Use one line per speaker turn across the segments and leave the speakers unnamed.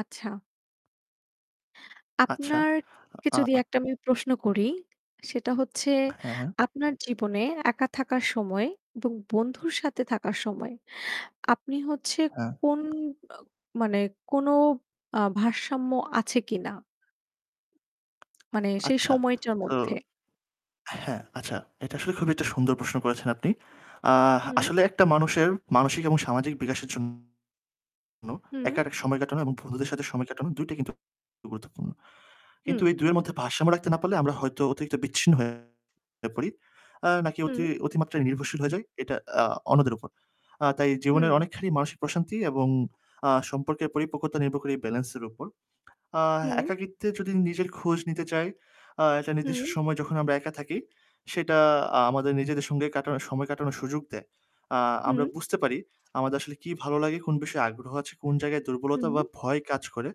আচ্ছা।
আচ্ছা।
আপনাকে
আ
যদি
আ
একটা আমি প্রশ্ন করি সেটা হচ্ছে
হ্যা, হ্যা।
আপনার জীবনে একা থাকার সময় এবং বন্ধুর সাথে থাকার সময় আপনি হচ্ছে
হ্যা।
কোন অ মানে কোনো আ ভারসাম্য আছে কিনা? মানে সেই
আচ্ছা।
সময়টার
তো
মধ্যে।
হ্যা, আচ্ছা, এটা আসলে খুবই একটা সুন্দর প্রশ্ন করেছেন আপনি। আ
হুম।
আসলে একটা মানুষের মানসিক এবং সামাজিক বিকাশের জন্য একা
হুম।
একটা সময় কাটানো এবং বন্ধুদের সাথে সময় কাটানো ২ টাই কিন্তু গুরুত্বপূর্ণ।
হুম।
কিন্তু এই ২ য়ের মধ্যে ভারসাম্য রাখতে না পারলে আমরা হয়তো অতিরিক্ত বিচ্ছিন্ন হয়ে পড়ি নাকি
হুম।
অতি অতিমাত্রায় নির্ভরশীল হয়ে যাই এটা আ অন্যদের উপর। আ তাই জীবনের
হুম।
অনেকখানি মানসিক প্রশান্তি এবং আ সম্পর্কের পরিপক্কতা নির্ভর করে এই ব্যালেন্সের উপর। আ
হুম।
একাকীত্বে যদি নিজের খোঁজ নিতে চাই, আ একটা
হুম।
নির্দিষ্ট সময় যখন আমরা একা থাকি সেটা আ আমাদের নিজেদের সঙ্গে কাটানো সময় কাটানোর সুযোগ দেয়। আ আমরা
হুম।
বুঝতে পারি আমাদের আসলে কি ভালো লাগে, কোন বিষয়ে আগ্রহ আছে, কোন জায়গায় দুর্বলতা
হুম।
বা ভয় কাজ করে।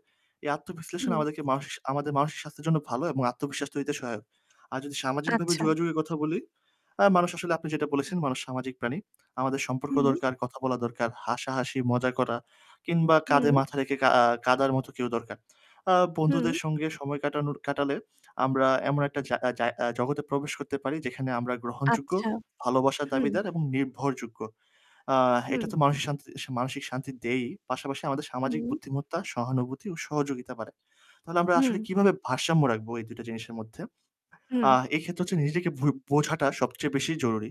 এই আত্মবিশ্লেষণ
হুম।
আমাদের মাস আমাদের মানসিক স্বাস্থ্যের জন্য ভালো এবং আত্মবিশ্বাস তৈরিতে সহায়ক। আর যদি সামাজিকভাবে
আচ্ছা।
যোগাযোগে কথা বলি, আ মানুষ আসলে আপনি যেটা বলেছেন, মানুষ সামাজিক প্রাণী। আমাদের সম্পর্ক
হুম।
দরকার, কথা বলা দরকার, হাসাহাসি, মজা করা কিংবা কাঁধে
হুম।
মাথা রেখে কাঁ আ কাঁদার মতো কেউ দরকার। আ বন্ধুদের
হুম।
সঙ্গে সময় কাটানোর কাটালে আমরা এমন একটা জা জা জগতে প্রবেশ করতে পারি যেখানে আমরা গ্রহণযোগ্য,
আচ্ছা।
ভালোবাসার
হুম।
দাবিদার এবং নির্ভরযোগ্য। আ এটা
হুম।
তো মানসিক শান্তি মানসিক শান্তি দেয়ই, পাশাপাশি আমাদের সামাজিক
হুম।
বুদ্ধিমত্তা, সহানুভূতি ও সহযোগিতা বাড়ায়। তাহলে আমরা
হুম।
আসলে কিভাবে ভারসাম্য রাখবো এই ২ টা জিনিসের মধ্যে? আ
হুম।
এক্ষেত্রে হচ্ছে নিজেকে ভু বোঝাটা সবচেয়ে বেশি জরুরি।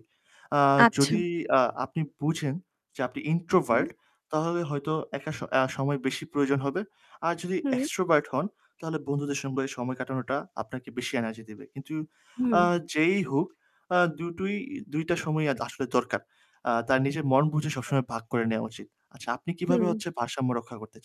আ
আচ্ছা।
যদি আ আপনি বুঝেন যে আপনি
হু, হু।
introvert তাহলে হয়তো একা স আ সময় বেশি প্রয়োজন হবে। আর যদি
হুম।
extrovert হন তাহলে বন্ধুদের সঙ্গে সময় কাটানোটা আপনাকে বেশি energy দেবে। কিন্তু
হুম।
আ যেই হোক আ দুটোই ২ টা সময়ই আসলে দরকার। আ তার নিজের মন বুঝে সবসময় ভাগ করে নেওয়া উচিত। আচ্ছা, আপনি কিভাবে
হুম।
হচ্ছে ভারসাম্য রক্ষা করতে চান?